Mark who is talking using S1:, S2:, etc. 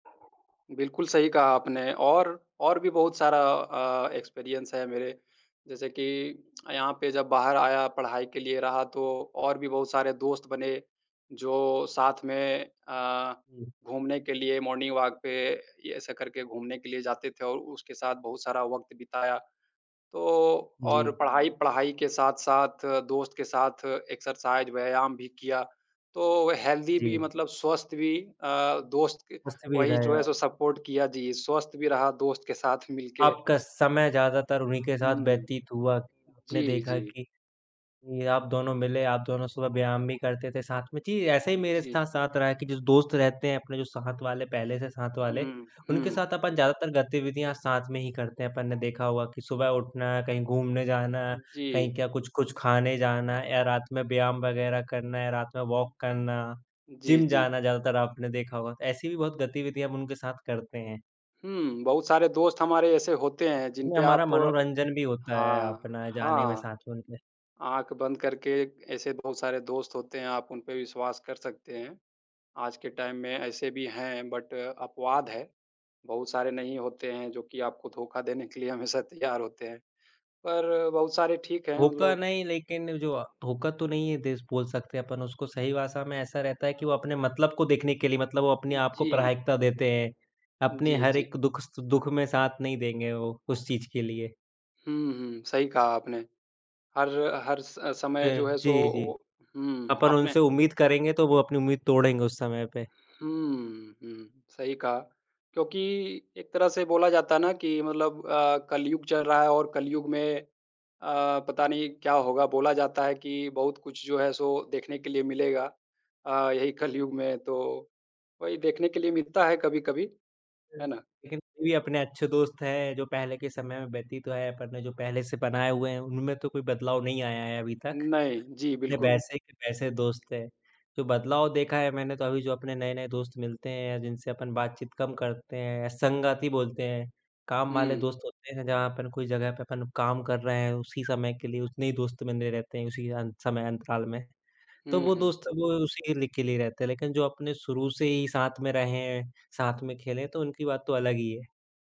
S1: बिल्कुल सही कहा आपने। और, और भी बहुत सारा अ, एक्सपीरियंस है मेरे। जैसे कि यहाँ पे जब बाहर आया पढ़ाई के लिए रहा तो और भी बहुत सारे दोस्त बने जो साथ में अ,
S2: हुँ।
S1: घूमने के लिए मॉर्निंग वॉक पे ये ऐसे करके घूमने के लिए जाते थे और उसके साथ बहुत सारा वक़्त बिताया। तो और
S2: जी।
S1: पढ़ाई पढ़ाई के साथ-साथ दोस्त के साथ एक्सरसाइज़ व्यायाम भी किया। तो हेल्दी भी
S2: जी।
S1: मतलब स्वस्थ भी अ, दोस्त क
S2: मस्ती में
S1: वही
S2: रहे
S1: जो है
S2: आप।
S1: सो सपोर्ट किया जी। स्वस्थ भी रहा दोस्त के साथ मिल के।
S2: आपका समय ज़्यादातर उन्हीं के
S1: हुँ,
S2: साथ
S1: हुँ।
S2: व्यतीत हुआ कि आपने
S1: जी,
S2: देखा
S1: जी।
S2: कि ये आप दोनों मिले, आप दोनों सुबह व्यायाम भी करते थे साथ में। जी, ऐसे ही
S1: हुँ,
S2: मेरे स्थ
S1: जी।
S2: साथ रहा कि जो दोस्त रहते हैं अपने जो साथ वाले, पहले से साथ वाले,
S1: हुँ,
S2: उनके
S1: हुँ।
S2: साथ अपन ज़्यादातर गतिविधियाँ साथ में ही करते हैं। अपन ने देखा होगा कि सुबह
S1: हुँ।
S2: उठना, कहीं घूमने जाना, कहीं
S1: जी।
S2: क्या कुछ-कुछ खाने जाना या रात में व्यायाम वगैरह करना, या रात में
S1: हुँ।
S2: वॉक करना,
S1: जी,
S2: जिम
S1: जी।
S2: जाना ज़्यादातर आपने देखा होगा। ऐसी भी बहुत गतिविधियाँ हम उनके साथ करते हैं।
S1: हुँ, बहुत सारे दोस्त हमारे ऐसे होते हैं जिन
S2: नहीं,
S1: पे
S2: हमारा
S1: आप
S2: मनोरंजन भी होता है
S1: हाँ,
S2: अपना जाने में
S1: हाँ।
S2: साथ में उनके।
S1: आँख बंद करके ऐसे बहुत सारे दोस्त होते हैं, आप उन पे विश्वास कर सकते हैं। आज के टाइम में ऐसे भी हैं बट अपवाद है। बहुत सारे नहीं होते हैं जो कि आपको धोखा देने के लिए हमेशा तैयार होते हैं। पर बहुत सारे ठीक हैं
S2: धोका
S1: मतलब
S2: नहीं, लेकिन जो अ, धोखा तो नहीं ये देस बोल सकते अपन उसको। सही भाषा में ऐसा रहता है कि वो अपने मतलब को देखने के लिए मतलब वो अपने आप को
S1: जी।
S2: प्राथमिकता देते हैं। अपने
S1: जी,
S2: हर
S1: जी।
S2: एक दुःख सु दुःख में साथ नहीं देंगे वो, उस चीज़ के लिए।
S1: हुँ, हुँ सही कहा आपने। हर हर स समय
S2: प
S1: जो है सो
S2: जी,
S1: वो
S2: जी।
S1: हुँ,
S2: अपन
S1: आपने
S2: उनसे उम्मीद करेंगे तो वो अपनी उम्मीद तोड़ेंगे उस समय पे।
S1: हुँ, हुँ सही कहा। क्योंकि एक तरह से बोला जाता है ना कि मतलब अ, कलियुग चल रहा है और कलियुग में अ, पता नहीं क्या होगा। बोला जाता है कि बहुत कुछ जो है सो देखने के लिए मिलेगा अ, यहीं कलियुग में। तो वहीं देखने के लिए मिलता है कभी-कभी। है
S2: यस
S1: ना?
S2: लेकिन अभी अपने अच्छे दोस्त हैं जो पहले के समय में व्यतीत है अपन ने जो पहले से बनाए हुए हैं उनमें तो कोई बदलाव नहीं आया है अभी तक।
S1: नहीं। जी,
S2: अपने
S1: बिल्कुल।
S2: वैसे के वैसे दोस्त हैं। जो बदलाव देखा है मैंने तो अभी जो अपने नए-नए दोस्त मिलते हैं या जिनसे अपन बातचीत कम करते हैं, संगती बोलते हैं। काम वाले
S1: हुँ।
S2: दोस्त होते हैं जहाँ पर कोई जगह पे अपन काम कर रहे हैं उसी समय के लिए उतने ही दोस्त बने रहे रहते हैं उसी अं समय अंतकाल में। तो
S1: हुँ,
S2: वो
S1: हुँ।
S2: दोस्त वो उसी लि के लिए रहते हैं। लेकिन जो अपने शुरू से ही साथ में रहे, साथ में खेले तो उनकी बात तो अलग ही है।